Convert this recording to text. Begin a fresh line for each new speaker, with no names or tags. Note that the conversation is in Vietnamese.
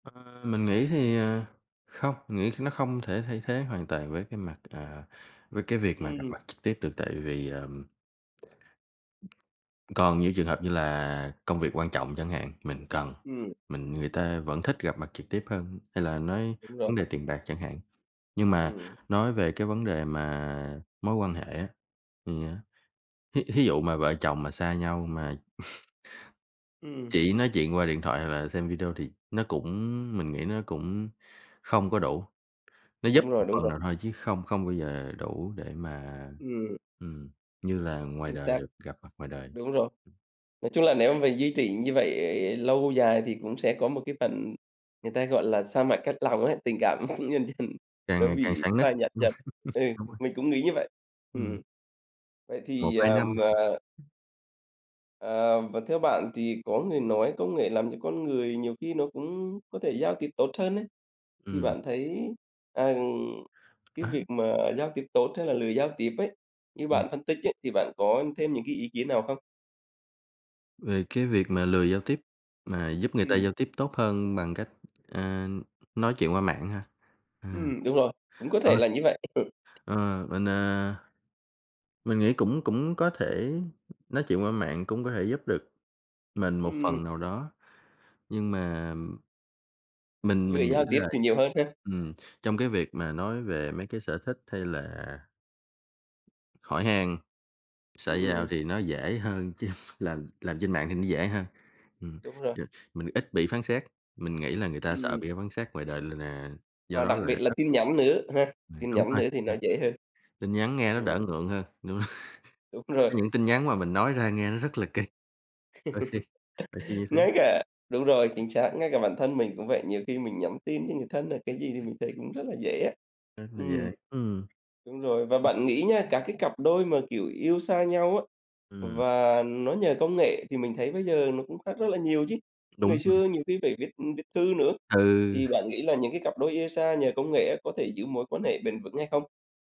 Ờ, mình nghĩ thì, ờ, không, mình nghĩ nó không thể thay thế hoàn toàn với cái mặt, à, với cái việc mà gặp
Ừm.
mặt trực tiếp được, tại vì, ờm, còn những trường hợp như là công việc quan trọng chẳng hạn, mình cần
Ừm.
mình người ta vẫn thích gặp mặt trực tiếp hơn, hay là nói
Đúng rồi.
vấn đề tiền bạc chẳng hạn. Nhưng mà
Ừm.
nói về cái vấn đề mà mối quan hệ á, thì á, thí thí dụ mà vợ chồng mà xa nhau mà
Ừm.
chỉ nói chuyện qua điện thoại hoặc là xem video thì nó cũng mình nghĩ nó cũng không có đủ, nó giúp
Đúng
một
rồi, đúng
phần
rồi.
nào thôi chứ không không bao giờ đủ để mà,
Ừm.
ừm, như là ngoài
Chính
đời
xác.
được gặp mặt ngoài đời.
Đúng rồi. Nói chung là nếu mà mình duy trì như vậy lâu dài thì cũng sẽ có một cái phần người ta, gọi là, xa mặt cách lòng ấy, tình cảm tự nhiên dần
Càng
nó
ngày càng
bị
sạn nứt.
phai nhạt dần, ừ,
Đúng rồi.
mình cũng nghĩ như vậy. Ừm,
Ừm.
ừm. Vậy
một
thì,
hai năm.
ờm, ờ Ờ, và theo bạn thì có người nói công nghệ làm cho con người nhiều khi nó cũng có thể giao tiếp tốt hơn ấy, thì
Ừm.
bạn thấy, à, cái
Á?
việc mà giao tiếp tốt hay là lười giao tiếp ấy, như
Ừm.
bạn phân tích ấy, thì bạn có thêm những cái ý kiến nào không?
Về cái việc mà lười giao tiếp, mà giúp người ta
Ừm.
giao tiếp tốt hơn bằng cách, ờ, nói chuyện qua mạng á ha? À.
Ừm, đúng rồi, cũng có
Ờ.
thể là như vậy. Ừ.
Ờ, mình, à, mình nghĩ cũng cũng có thể nói chuyện qua mạng, cũng có thể giúp được mình một
Ừm.
phần nào đó, nhưng mà, ừm, mình
Lười
mình nghĩ
giao tiếp
là,
thì nhiều hơn ha?
ừm, trong cái việc mà nói về mấy cái sở thích, hay là hỏi han, xã giao
Ừm.
thì nó dễ hơn, chứ làm làm trên mạng thì nó dễ hơn, ừm,
Đúng rồi.
yeah, mình ít bị phán xét. Mình nghĩ là người ta sợ
Ừm.
bị phán xét ngoài đời là là do
Và
đó
đặc
là
biệt
ít
là
ít.
tin nhắn nữa, ha?
Ừ,
Tin
đúng
nhắn
rồi.
nữa
[unintelligible]
thì nó dễ hơn.
Tin nhắn nghe nó
Ừm.
đỡ ngượng hơn, đúng rồi.
Đúng
Có
rồi.
những tin nhắn mà mình nói ra nghe nó rất là kì, đôi khi đôi khi như thế.
Ngay cả đúng rồi, chính xác, ngay cả bản thân mình cũng vậy, nhiều khi mình nhắn tin cho người thân là cái gì thì mình thấy cũng rất là dễ á.
Rất là
Ừm.
dễ, ừm.
Đúng rồi, và
Ừm.
bạn nghĩ nha, các cái cặp đôi mà, kiểu, yêu xa nhau á,
Ừm.
và nó nhờ công nghệ thì mình thấy bây giờ nó cũng khác rất là nhiều chứ. Ngày
Đúng rồi.
xưa nhiều khi phải viết viết thư nữa,
Ừ.
thì bạn nghĩ là những cái cặp đôi yêu xa nhờ công nghệ á có thể giữ mối quan hệ bền vững hay không?